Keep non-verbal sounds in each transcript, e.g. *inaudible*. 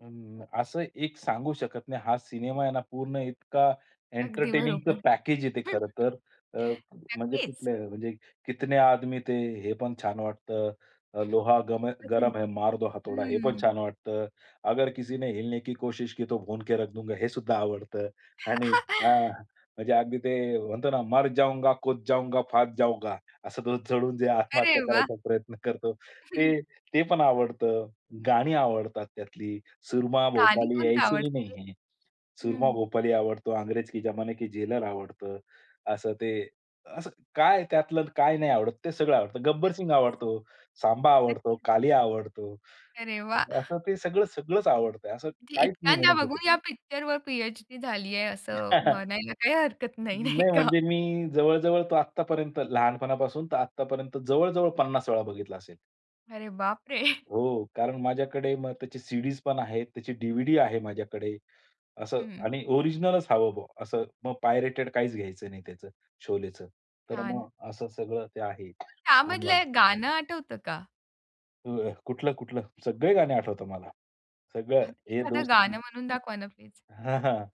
अ, असं एक सांगू शकत नाही. हा सिनेमा आहे ना पूर्ण इतका अगदी एंटरटेनिंगचं बरोबर. पॅकेज आहे ते हं, खरं तर. अ, म्हणजे नक्कीच. कुठले, म्हणजे "कितने आदमी थे?" हे पण छान वाटतं. अ, "लोहा गम है अजून. गरम है, मार दो हथोडा". हे पण हं. छान वाटतं. "अगर किसीने हिलने की कोशिश की तो भूनके रख दुंगा", हे सुद्धा आवडतं आणि *chuckles* हां, म्हणजे अगदी ते म्हणतो ना "मर जाऊंगा, कूद जाऊंगा, फांद जाऊंगा". असं तो चढून जे अरे आत्महत्या वाह! करायचा प्रयत्न करतो. हं. ते, ते पण आवडतं. गाणी आवडतात त्यातली. सूरमा गाणी भोपाली कोणती ऐसे ही आवडते? नहीं है, हं. सूरमा भोपाली आवडतो, अंग्रेज के जमाने के जेलर आवडतं. असं ते असं काय आहे त्यातलं, काय नाही आवडत, ते सगळं आवडतं. गब्बर सिंग नक्कीच. आवडतो, सांबा आवडतो, नक्कीच. कालिया आवडतो. अरे वाह! असं ते सगळं सगळंच आवडतं. असं म्हणजे काहीच नाही इतक्यांदा म्हणू शकत. बघून या पिक्चरवर पी-एच-डी झाली आहे, असं *laughs* नाही म्हणायला काही हरकत नाही, नाही का? म्हणजे मी जवळ-जवळ तो आत्तापर्यंत लहानपणापासून तर आत्तापर्यंत जवळ-जवळ 50 वेळा बघितला असेल. अरे बापरे! हो. कारण माझ्याकडे मग त्याची सीडीज पण आहे. त्याची डीव्हीडी आहे माझ्याकडे. असं हं, हं. आणि ओरिजिनलच हवं मग. असं मग पायरेटेड काहीच घ्यायचं नाही त्याचं, शोलेचं. तर छान. मग असं सगळं ते आहे मग *coughs* त्यामधलं सामान. एक गाणं आठवतं का? *unintelligible* कुठलं-कुठलं? सगळे गाणे आठवतात मला, सगळं हां. ये एखादं दोस्ती गाणं म्हणून दाखवा ना प्लीज. हां, हां.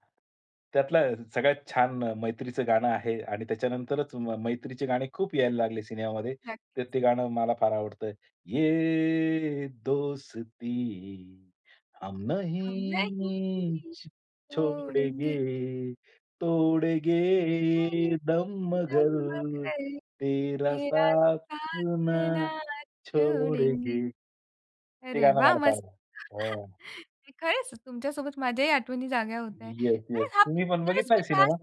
त्यातला सगळ्यात छान मैत्रीचं गाणं आहे आणि त्याच्यानंतरच म मैत्रीचे गाणे खूप यायला लागले सिनेमामध्ये. नक्कीच. तर ते गाणं मला फार आवडतं. ये दोस्ती हम हम नहीं नही छो तोडेंगे. छोड़ेंगे, हम तोड़ेंगे दम दम मगर अगर तेरा तेरा साथ साथ ना ना छोडेंगे. छोड़ेंगे. ते अरे गाणं वाह! मला मस्त. फार *chuckles* हां. नाही खरंच तुमच्या सोबत माझ्याही आठवणी जागा होतायंत. येस, कारण येस. हा तुम्ही पण पिक्चरच मी बघितलाय पाहा सिनेमा?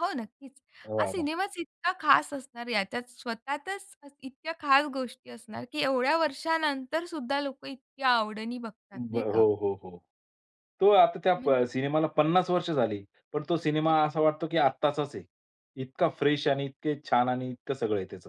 हो, नक्कीच. हा वाह! वाह! सिनेमाच इतका खास असणार. याच्यात स्वतःतच इतक्या खास गोष्टी असणार की एवढ्या वर्षानंतर सुद्धा लोकं इतक्या आवडीनी बघतात, नाही बरं. का? हो, हो, हो. तो आता त्या म्हणजे प सिनेमाला 50 वर्ष झाली. पण तो सिनेमा नक्कीच. असा वाटतो की आत्ताचाच आहे. इतका फ्रेश आणि इतके छान आणि इतकं सगळं आहे त्याचं.